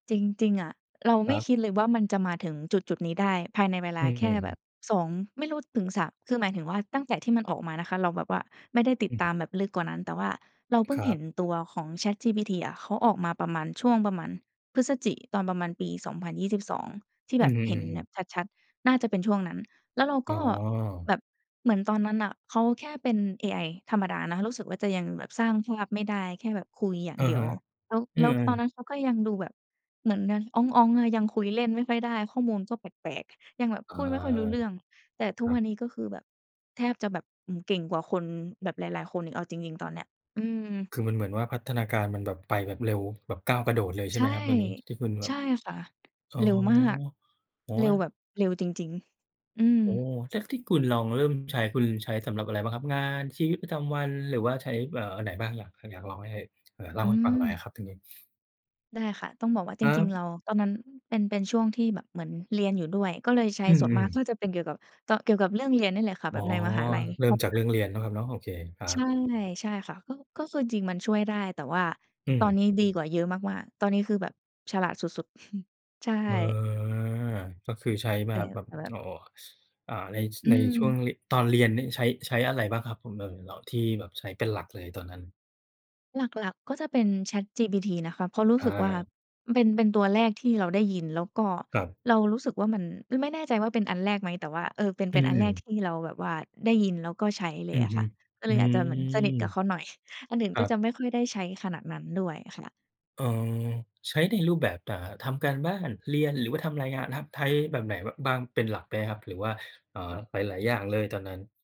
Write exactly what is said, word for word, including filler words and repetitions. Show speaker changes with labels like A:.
A: จริง ๆ อะ เรา
B: ค
A: ไม
B: ร
A: ่
B: ับ
A: คิดเลยว่ามันจะมาถึงจุดจุดนี้ได้ ภายในเวล
B: อื
A: าแค่
B: ม
A: แบ
B: ๆ ๆ
A: บ สอง ไม่รู้ถึง สาม คือหมายถึงว่า ตั้งแต่ที่มันออกมานะคะ เราแบบว่าไม่ได้ติ
B: อ
A: ด
B: ืม
A: ตามแบบลึกกว่านั้น แต่ว่าเราเพิ
B: ค
A: ่ง
B: ร
A: เห
B: ั
A: ็
B: บ
A: นตัวของ ChatGPT อะ เขาออกมาประมาณ ช่วงประมาณพฤศจิ ตอนประมาณปี สองพันยี่สิบสอง ที่
B: อ
A: แ
B: ื
A: บ
B: ม
A: บเห็น
B: ๆ
A: แบ
B: ๆ ๆ
A: บชัด ๆ น่าจะเป็นช่วงนั้น แล้วเรา
B: อ
A: ก
B: ๋
A: ็
B: อ
A: แบบ เหมือนตอนนั้นน่ะ เขาแค่เป็นเอไอธรรมดานะ รู้สึกว่าจะยังแบบสร้างภาพไม่ได้ แค่แบบคุยอย่า
B: อ
A: ง
B: ะ
A: เดี
B: ฮ
A: ยว
B: ะ
A: แล้ว
B: อื
A: แล้ว
B: ม
A: ตอนนั้
B: ๆ
A: นเขาก็ยังดูแบบเหมือนยังอ๊อง ๆ อะ ยังคุยเล่นไม่ค่อยได้ ข้อมูลก็แปลก ๆ ยังแบบ
B: อา
A: พูดไม่ค่อยรู้เรื่อง แต่ทุ
B: ค
A: ก
B: รั
A: ว
B: บ
A: ันนี้ก็คือแบบ แทบจะแบบ อืม เก่งกว่าคนแบบหลาย ๆ คน เอาจริง ๆ ตอนเนี้ย อืม
B: คือมัน เหมือนว่าพัฒนาการมันแบบไปแบบเร็ว แบบก้าวกระโดดเลย ใช่
A: ใช
B: ไห
A: ่
B: มครับเรื่องนี้? ที่คุณแบ
A: ใช
B: บ
A: ่ค่ะ
B: อ๋อ
A: เร็วมาก
B: โอ้
A: เ
B: โ
A: ร็ว
B: ฮ
A: แบบ เร็วจริง ๆ อื
B: โอ้
A: ม
B: แท๊ก ที่คุณลองเริ่มใช้ คุณใช้สำหรับอะไรบ้างครับ? งาน ชีวิตประจำวัน หรือว่าใช้ เอ่อ อันไหนบ้าง? อยาก ห อยากลองให้ ไหนเล่า
A: อื
B: ให้ฟังหน่อย
A: ม
B: อะครับตรงนี้
A: ได้ค่ะ ต้องบอกว่า
B: ค
A: จ
B: รั
A: ริง
B: บ
A: ๆ เรา ตอนนั้นเป็น เป็นช่วงที่แบบเหมือนเรียนอยู่ด้วย ก็เลยใช้
B: อื
A: ส่วนม
B: ม
A: าก
B: ๆ
A: น่าจะเป็นเกี่ยวกับ ตอน เกี่ยวกับเรื่องเรียนนี่แหละค่ะ
B: อ
A: แ
B: ๋
A: บ
B: อ
A: บในมหาลัย
B: เริ
A: เ
B: ่
A: พร
B: ม
A: าะ
B: จ
A: ว
B: าก
A: ่
B: เ
A: า
B: รื่องเรียนเนาะครับเนาะ โอเค ครั
A: ใช
B: บ
A: ่ ใช่ค่ะ ก็ ก็คือจริง ๆ มันช่วยได้ แต่ว่า
B: อื
A: ตอน
B: ม
A: นี้ดีกว่าเยอะมาก ๆ ตอนนี้คือแบบ ฉลาดสุด ๆ ใช่
B: เออ ก็คือใช้ม
A: แต
B: า
A: ่
B: แบบ
A: แต่แบ
B: โ
A: บ
B: อ้โฮ อ่า ใน ช
A: อื
B: ในช่วง
A: ม
B: ริ ตอนเรียนนี่ใช้ ใช้อะไรบ้างครับผม? เอ่อ เอาที่แบบใช้เป็นหลักเลยตอนนั้น
A: หลัก ๆ ก็จะเป็น ChatGPT นะคะ เพราะรู้
B: อ
A: สึกว่า
B: า
A: เป็น เป็นตัวแรกที่เราได้ยิน แล้วก็
B: ครับ
A: เรารู้สึกว่ามัน อืม ไม่แน่ใจว่าเป็นอันแรกไหม? แต่ว่า เออ เป็น
B: อ
A: เ
B: ื
A: ป็นอันแรก
B: ม
A: ที่เราแบบว่าได้ยินแล้วก็ใช้เล
B: อื
A: ยอ
B: อ
A: ะ
B: ฮ
A: ค
B: ึ
A: ่ะ ก็เ
B: อื
A: ลยอาจจะเหมือนสนิท
B: ม
A: กะเขาหน่อย อันอื่น
B: คร
A: ก
B: ั
A: ็
B: บ
A: จะไม่ค่อยได้ใช้ขนาดนั้นด้วยอะค่ะ
B: เออ ใช้ในรูปแบบ อ่า ทำการบ้าน เรียนหรือว่าทำรายงานครับ? ไท้แบบไหน บ บ้างเป็นหลักไหมครับ? หรือว่า เอ่อ หลาย ๆ อย่างเลยตอนนั้น?